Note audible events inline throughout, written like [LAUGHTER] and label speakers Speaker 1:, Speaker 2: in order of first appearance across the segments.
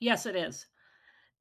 Speaker 1: Yes, it is,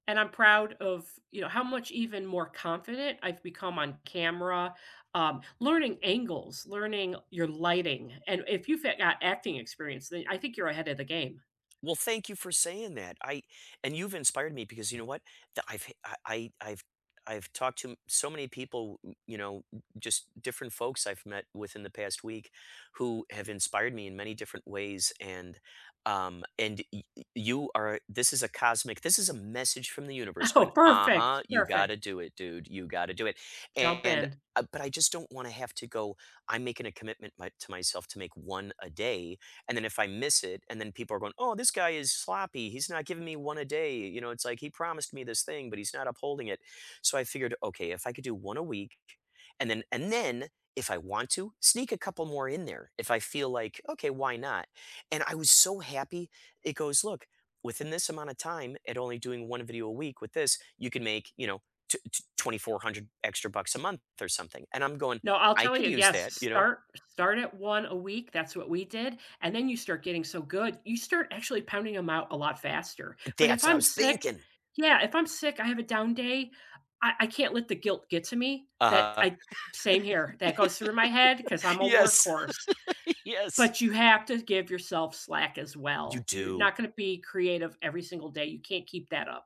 Speaker 1: and I'm proud of, you know, how much even more confident I've become on camera, um, learning angles, learning your lighting, and if you fit got acting experience, then I think you're ahead of the game.
Speaker 2: Well, thank you for saying that. I and you've inspired me because you know what? Tha I've f I I I've I've talked to so many people, n you know, n n just different folks I've met within the past week who have inspired me in many different ways, and, um, and y y you are this is a cosmic this is a message from the universe
Speaker 1: Oh,
Speaker 2: going,
Speaker 1: perfect,
Speaker 2: "Uh-huh, you gotta
Speaker 1: perfect.
Speaker 2: do it, dude, you gotta do it,"
Speaker 1: Jump
Speaker 2: and,
Speaker 1: in.
Speaker 2: uh but I just don't wanna have to go I'm making a commitment my to myself to make 1 a day, and then if I miss it, and then people are going, "Oh, this guy is sloppy, he's not giving me 1 a day," you know, it's like, "He promised me this thing, but he's not upholding it," so I figured, okay, if I could do 1 a week and then and then if I want to sneak a couple more in there, if I feel like, "Okay, why not?" and I was so happy, it goes, "Look, within this amount of time, at only doing 1 a video, a week with this, you can make, you know, tw tw twenty-four hundred extra bucks a month," or something, and I'm going,
Speaker 1: No, I'll
Speaker 2: "I
Speaker 1: tell
Speaker 2: could
Speaker 1: you,
Speaker 2: use
Speaker 1: yes,
Speaker 2: that," you know.
Speaker 1: start start at 1 a week, that's what we did, and then you start getting so good, you start actually pounding 'em out a lot faster, but if
Speaker 2: That's what I
Speaker 1: I'm
Speaker 2: was
Speaker 1: sick
Speaker 2: thinking.
Speaker 1: yeah, if I'm sick, I have a down day, I I can't let the guilt get to me, that
Speaker 2: Uh-huh.
Speaker 1: I Same here, that goes through my head 'cause I'm
Speaker 2: [LAUGHS]
Speaker 1: a
Speaker 2: Yes.
Speaker 1: workhorse,
Speaker 2: [LAUGHS] Yes.
Speaker 1: but you have to give yourself slack as
Speaker 2: You
Speaker 1: well, you're
Speaker 2: do.
Speaker 1: not gonna be creative every single day, you can't keep that up.